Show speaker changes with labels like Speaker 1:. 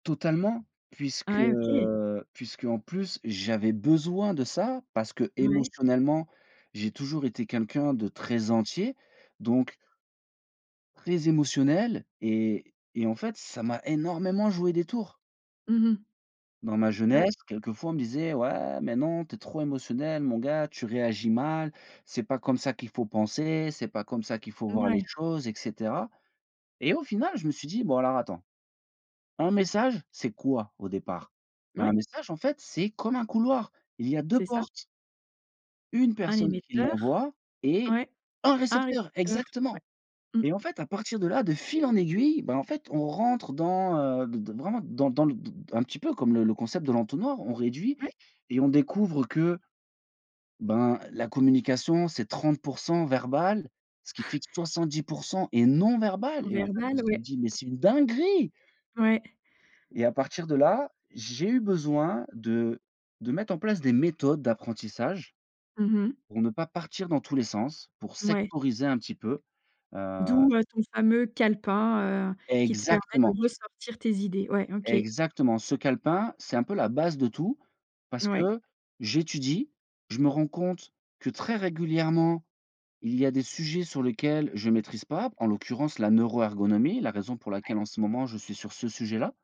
Speaker 1: Totalement puisque,
Speaker 2: Ouais. OK.
Speaker 1: heu, puisqu'en plus j'avais besoin de ça parce
Speaker 2: Ouais.
Speaker 1: qu'émotionnellement, j'ai toujours été quelqu'un de très entier, donc très émotionnel et et en fait, ça m'a énormément joué des tours
Speaker 2: Mmh mh.
Speaker 1: dans ma
Speaker 2: Ouais.
Speaker 1: jeunesse quelquefois on me disait: «Ouais mais non tu es trop émotionnel mon gars, tu réagis mal, c'est pas comme ça qu'il faut penser, c'est pas comme ça qu'il faut voir les
Speaker 2: Ouais.
Speaker 1: choses et cetera». Et au final, je me suis dit: «Bon alors attends, un message c'est quoi au départ?» Bah
Speaker 2: Ouais.
Speaker 1: un message en fait, c'est comme un couloir, il y a 2
Speaker 2: C'est ça.
Speaker 1: portes une
Speaker 2: Un
Speaker 1: personne qui
Speaker 2: émetteur.
Speaker 1: l'envoie et
Speaker 2: Ouais,
Speaker 1: un
Speaker 2: un
Speaker 1: récepteur,
Speaker 2: récepteur, ouais.
Speaker 1: exactement
Speaker 2: Mmh.
Speaker 1: et en fait à partir de là, de fil en aiguille, bah, en fait, on rentre dans, heu, d d d vraiment dans le dans dans un petit peu comme le le concept de l'entonnoir, on réduit
Speaker 2: Ouais.
Speaker 1: et on découvre que, ben, la communication c'est 30 % verbale, ce qui fait que 70 % est non verbale
Speaker 2: Non
Speaker 1: et en fait, on
Speaker 2: verbale?
Speaker 1: se
Speaker 2: Ouais.
Speaker 1: dit: «Mais c'est une dinguerie»
Speaker 2: Ouais.
Speaker 1: et à partir de là, j'ai eu besoin de de mettre en place des méthodes d'apprentissage.
Speaker 2: Mmh mh.
Speaker 1: Pour ne pas partir dans tous les sens, pour
Speaker 2: Ouais.
Speaker 1: sectoriser un petit peu, heu
Speaker 2: D'où, heu, ton fameux calepin, heu, qui te permet de
Speaker 1: Exactement.
Speaker 2: ressortir tes idées. Ouais, OK.
Speaker 1: Exactement ce calepin, c'est un peu la base de tout parce
Speaker 2: Ouais.
Speaker 1: que j'étudie, je me rends compte que très régulièrement, il y a des sujets sur lesquels je maîtrise pas, en l'occurrence la neuroergonomie, la raison pour
Speaker 2: Ouais.
Speaker 1: laquelle en ce moment je suis sur ce sujet-là